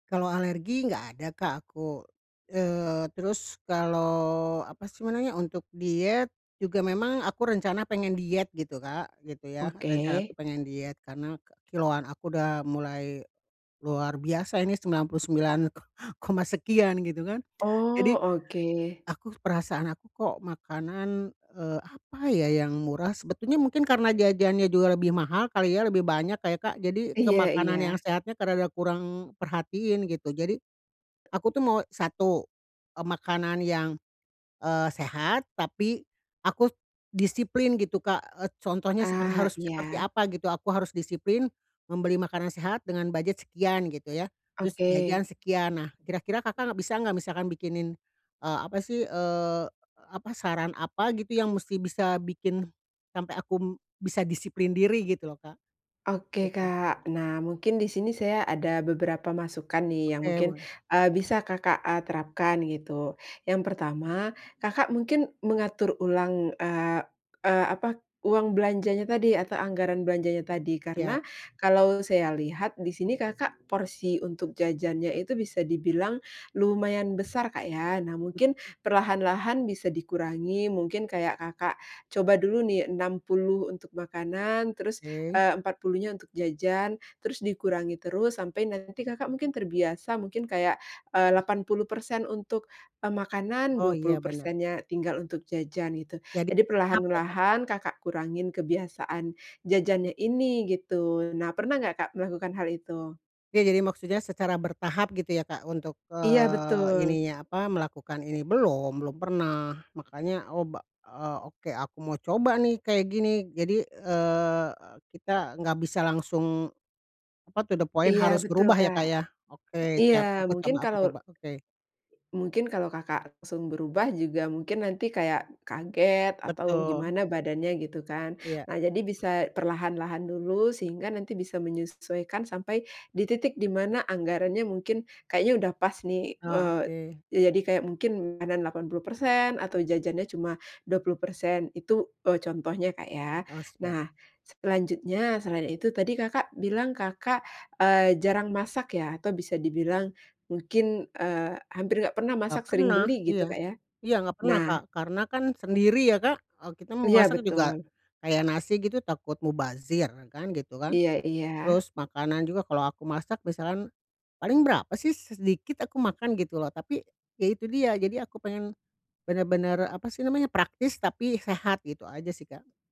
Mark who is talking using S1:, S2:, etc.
S1: Kalau alergi, enggak ada, Kak, aku. Eee, terus kalau apa sih namanya, untuk diet juga memang aku rencana pengen diet gitu, Kak, gitu ya. Rencana
S2: Oke.
S1: tuh pengen diet, karena kilograman aku udah mulai luar biasa, ini 99 ko koma sekian gitu kan.
S2: Oh,
S1: Jadi,
S2: oke.
S1: aku perasaan aku kok makanan, eee, apa ya, yang murah, sebetulnya mungkin karena jajannya juga lebih mahal kali ya, lebih banyak kayak, Kak, jadi ke
S2: Iya
S1: makanan yang
S2: iya.
S1: sehatnya rada kurang perhatiin gitu. Jadi, aku tuh mau satu, eee, makanan yang, eee, sehat tapi aku disiplin gitu, Kak, eee, contohnya seper
S2: Ah,
S1: harus seperti
S2: iya.
S1: apa gitu, aku harus disiplin, membeli makanan sehat dengan budget sekian gitu ya, terus jajan
S2: Oke.
S1: sekian. Nah, kira-kira Kakak enggak bisa enggak, misalkan bikinin eee, apa sih eee, apa, saran apa gitu yang mesti bisa bikin sampai aku bisa disiplin diri? Gitu loh, Kak.
S2: Oke,
S1: Gitu.
S2: Kak. Nah, mungkin di sini saya ada beberapa masukan nih yang
S1: Oke,
S2: mungkin,
S1: boleh.
S2: eee, bisa, Kakak, eee, terapkan, gitu. Yang pertama, Kakak, mungkin mengatur ulang eee eee, apa, uang belanjanya tadi atau anggaran belanjanya tadi. Karena,
S1: Siap.
S2: kalau saya lihat, di sini, Kakak, porsi untuk jajannya itu bisa dibilang lumayan besar, Kak, ya. Nah, mungkin
S1: [unintelligible]
S2: perlahan-lahan bisa dikurangi, mungkin kayak, Kakak, coba dulu nih 60 untuk makanan, terus,
S1: Oke.
S2: eee, empat puluhnya untuk jajan, terus dikurangi terus, sampai nanti, Kakak, mungkin terbiasa, mungkin kayak, eee, 80% untuk, eee, makanan,
S1: Oh
S2: dua
S1: iya
S2: puluh
S1: benar.
S2: persen nya tinggal untuk jajan, gitu.
S1: Jadi
S2: Jadi
S1: bertahap ya, Kak.
S2: perlahan-lahan, Kakak, kurangin kebiasaan jajannya ini, gitu. Nah, pernah enggak, Kak, melakukan hal itu?
S1: Ya, jadi maksudnya secara bertahap gitu ya, Kak, untuk
S2: Iya,
S1: eee,
S2: betul.
S1: ininya apa, melakukan ini belum, belum pernah. Makannya, oh ba eee, oke, aku mau coba nih kayak gini. Jadi, eee, kita enggak bisa langsung apa, to the point
S2: Iya,
S1: harus
S2: betul,
S1: berubah, ya,
S2: Kak.
S1: Kak, ya. Oke,
S2: Iya,
S1: siap. Aku
S2: mungkin
S1: coba aku
S2: kalau
S1: coba, oke.
S2: mungkin kalau, Kakak, langsung berubah juga mungkin nanti kayak kaget atau
S1: Betul.
S2: gimana badannya gitu kan.
S1: Iya.
S2: Nah, jadi bisa perlahan-lahan dulu, sehingga nanti bisa menyesuaikan sampai di titik di mana anggarannya mungkin kayaknya udah pas nih,
S1: Oh,
S2: eee,
S1: oke.
S2: ya, jadi kayak mungkin makanan 80% atau jajannya cuma 20%. Itu, eee, contohnya, Kak, ya.
S1: Oh siap.
S2: Nah, selanjutnya, selain itu tadi, Kakak, bilang, Kakak, eee, jarang masak, ya, atau bisa dibilang mungkin, eee, hampir enggak pernah
S1: Enggak
S2: masak sering
S1: pernah
S2: beli gitu,
S1: iya.
S2: Kak, ya.
S1: Iya enggak pernah,
S2: Nah
S1: Kak, karena kan sendiri ya, Kak, eee, kita mau
S2: Iya,
S1: masak juga
S2: betul.
S1: kayak nasi gitu takut mubazir kan gitu kan.
S2: Iya iya.
S1: Terus, makanan juga kalau aku masak misalkan, paling berapa sih s-sedikit aku makan gitu loh. Tapi, ya itu dia. Jadi aku pengen, benar-benar apa sih namanya, praktis tapi sehat, gitu aja sih, Kak.